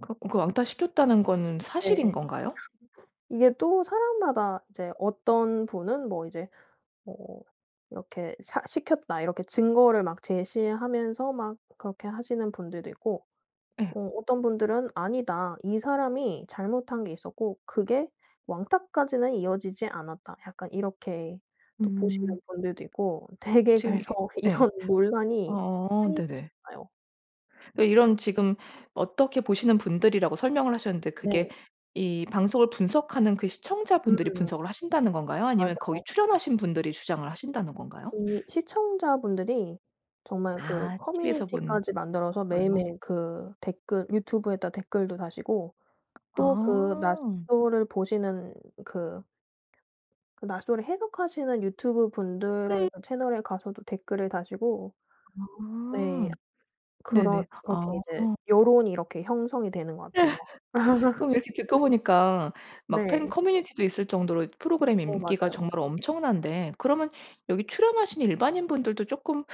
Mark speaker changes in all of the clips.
Speaker 1: 그럼 그 왕따시켰다는 거는
Speaker 2: 네.
Speaker 1: 사실인 건가요?
Speaker 2: 이게 또 사람마다 이제 어떤 분은 뭐 이제 뭐 이렇게 사 "시켰다." 이렇게 증거를 막 제시하면서 막 그렇게 하시는 분들도 있고
Speaker 1: 예.
Speaker 2: 어 어떤 분들은 "아니다 이 사람이 잘못한 게 있었고 그게 왕따까지는 이어지지 않았다." 약간 이렇게 또
Speaker 1: 음.
Speaker 2: 보시는 분들도 있고 되게
Speaker 1: 지금
Speaker 2: 그래서
Speaker 1: 이게 예.
Speaker 2: 이런 논란이
Speaker 1: 어
Speaker 2: 끊이지
Speaker 1: 네네.
Speaker 2: 않아요.
Speaker 1: 어 이런 지금 어떻게 보시는 분들이라고 설명을 하셨는데 그게
Speaker 2: 네.
Speaker 1: 이 방송을 분석하는 그
Speaker 2: 음.
Speaker 1: 시청자분들이 분석을 하신다는 건가요? 아니면 거기
Speaker 2: 맞아요.
Speaker 1: 출연하신 분들이 주장을 하신다는 건가요?
Speaker 2: 이 시청자분들이 정말 그
Speaker 1: 아. 티비에서 본
Speaker 2: 커뮤니티까지 만들어서
Speaker 1: 걸로.
Speaker 2: 매일매일 그 댓글 유튜브에다 댓글도 다시고 또 그
Speaker 1: 아.
Speaker 2: 나솔을 보시는 그 그 나솔을 해석하시는 유튜브
Speaker 1: 음.
Speaker 2: 분들의 그 채널에 가서도 댓글을 다시고 네.
Speaker 1: 아.
Speaker 2: 그런
Speaker 1: 네네.
Speaker 2: 그렇게
Speaker 1: 아.
Speaker 2: 이제 여론이 이렇게 형성이 되는 것 같아요.
Speaker 1: 그럼 이렇게 듣고 보니까 막 팬
Speaker 2: 네.
Speaker 1: 커뮤니티도 있을 정도로 프로그램
Speaker 2: 어.
Speaker 1: 인기가
Speaker 2: 맞아요.
Speaker 1: 정말 엄청난데 그러면 여기 출연하신 일반인 분들도 쪼끔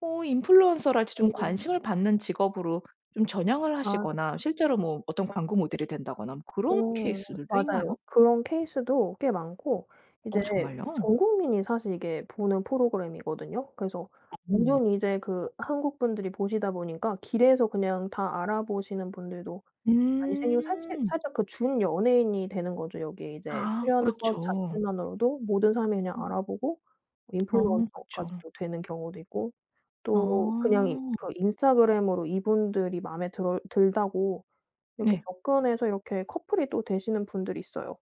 Speaker 1: 어 인플루언서랄지 좀
Speaker 2: 음.
Speaker 1: 관심을 받는 직업으로 좀 전향을
Speaker 2: 아.
Speaker 1: 하시거나 실제로 뭐 어떤 광고 모델이 된다거나 뭐 그런
Speaker 2: 어.
Speaker 1: 케이스들도
Speaker 2: 맞아요.
Speaker 1: 있나요?
Speaker 2: 그런 케이스도 꽤 많고
Speaker 1: 어
Speaker 2: 이제
Speaker 1: 정말요?
Speaker 2: 전 국민이 사실 이게 보는 프로그램이거든요. 그래서
Speaker 1: 음네.
Speaker 2: 물론 이제 그 한국 분들이 보시다 보니까 길에서 그냥 다 알아보시는 분들도 많이 생기고 사실
Speaker 1: 음.
Speaker 2: 살짝 그 준 연예인이 되는 거죠. 여기에 이제
Speaker 1: 아.
Speaker 2: 출연한 것
Speaker 1: 그렇죠.
Speaker 2: 자체만으로도 모든 사람이 그냥
Speaker 1: 음.
Speaker 2: 알아보고
Speaker 1: 어. 그쵸.
Speaker 2: 인플루언서까지도 되는 경우도 있고 또 그냥
Speaker 1: 아.
Speaker 2: 그 인스타그램으로 이분들이 마음에 들 들다고 이렇게
Speaker 1: 네.
Speaker 2: 접근해서 이렇게 커플이 또 되시는 분들이 있어요.